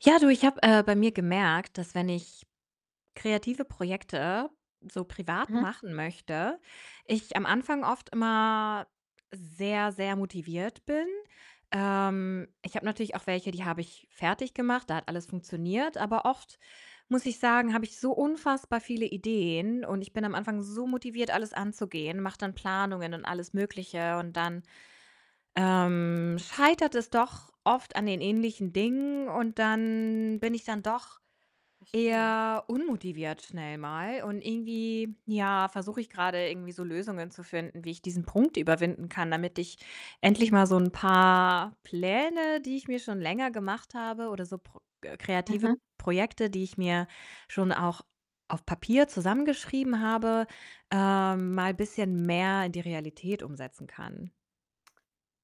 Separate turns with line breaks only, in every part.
Ja du, ich habe, äh, bei mir gemerkt, dass wenn ich kreative Projekte so privat
Mhm.
machen möchte, ich am Anfang oft immer sehr, sehr motiviert bin. Ähm, ich habe natürlich auch welche, die habe ich fertig gemacht, da hat alles funktioniert, aber oft muss ich sagen, habe ich so unfassbar viele Ideen und ich bin am Anfang so motiviert, alles anzugehen, mache dann Planungen und alles Mögliche und dann, ähm, scheitert es doch oft an den ähnlichen Dingen, und dann bin ich dann doch
Verstehe.
eher unmotiviert schnell mal und irgendwie, ja, versuche ich grade irgendwie so Lösungen zu finden, wie ich diesen Punkt überwinden kann, damit ich endlich mal so 'n paar Pläne, die ich mir schon länger gemacht habe oder so Pro äh, kreative
Mhm.
Projekte, die ich mir schon auch auf Papier zusammengeschrieben habe, ähm, mal bisschen mehr in die Realität umsetzen kann.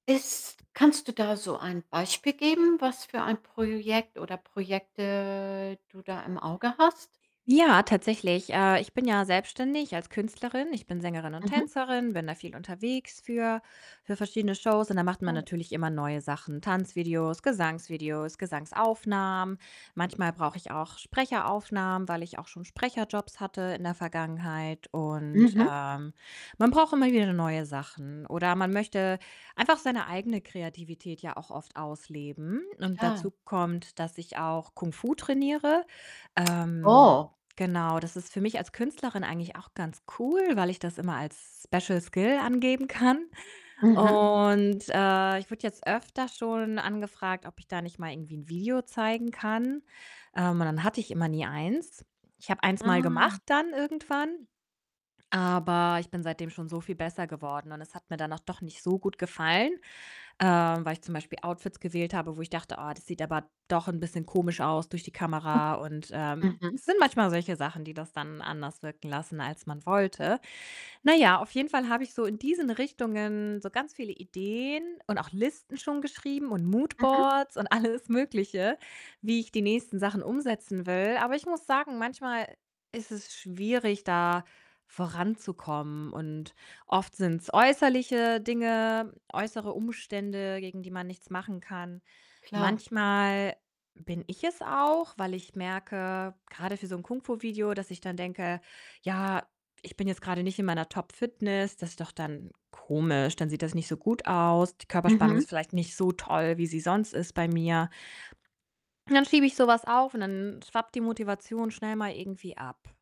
Ist kannst du da so ein Beispiel geben, was für ein Projekt oder Projekte du da im Auge hast?
Ja, tatsächlich. Äh, ich bin ja selbstständig als Künstlerin. Ich bin Sängerin und
Mhm.
Tänzerin, bin da viel unterwegs für für verschiedene Shows, und da macht man
[unintelligible]
natürlich immer neue Sachen: Tanzvideos, Gesangsvideos, Gesangsaufnahmen. Manchmal brauche ich auch Sprecheraufnahmen, weil ich auch schon Sprecherjobs hatte in der Vergangenheit und,
Mhm.
ähm, man braucht immer wieder ne neue Sachen, oder man möchte einfach seine eigene Kreativität ja auch oft ausleben und
Klar.
dazu kommt, dass ich auch Kung Fu trainiere. Ähm,
Oh.
genau, das ist für mich als Künstlerin eigentlich auch ganz cool, weil ich das immer als Special Skill angeben kann
Mhm.
und, äh, ich wurde jetzt öfter schon angefragt, ob ich da nicht mal irgendwie 'n Video zeigen kann. Ähm, und dann hatte ich immer nie eins Ich habe 1 mal
Ah.
gemacht dann irgendwann, aber ich bin seitdem schon so viel besser geworden und es hat mir dann auch doch nicht so gut gefallen, ähm, weil ich zum Beispiel Outfits gewählt habe, wo ich dachte: „Oh, das sieht aber doch 'n bisschen komisch aus durch die Kamera.“ Und, ähm,
Mhm.
es sind manchmal solche Sachen, die das dann anders wirken lassen, als man wollte. Na ja, auf jeden Fall habe ich so in diesen Richtungen so ganz viele Ideen und auch Listen schon geschrieben und
Mhm.
Moodboards und alles Mögliche, wie ich die nächsten Sachen umsetzen will, aber ich muss sagen, manchmal ist es schwierig, da voranzukommen und oft sind's äußerliche Dinge, äußere Umstände, gegen die man nichts machen kann.
Klar.
Manchmal bin ich es auch, weil ich merke grade für so 'n Kung Fu-Video, dass ich dann denke: „Ja, ich bin jetzt grade nicht in meiner Top-Fitness. Das ist doch dann komisch, dann sieht das nicht so gut aus. Die Körperspannung
Mhm.
ist vielleicht nicht so toll, wie sie sonst ist bei mir." Dann schiebe ich so was auf, und dann schwappt die Motivation schnell mal irgendwie ab.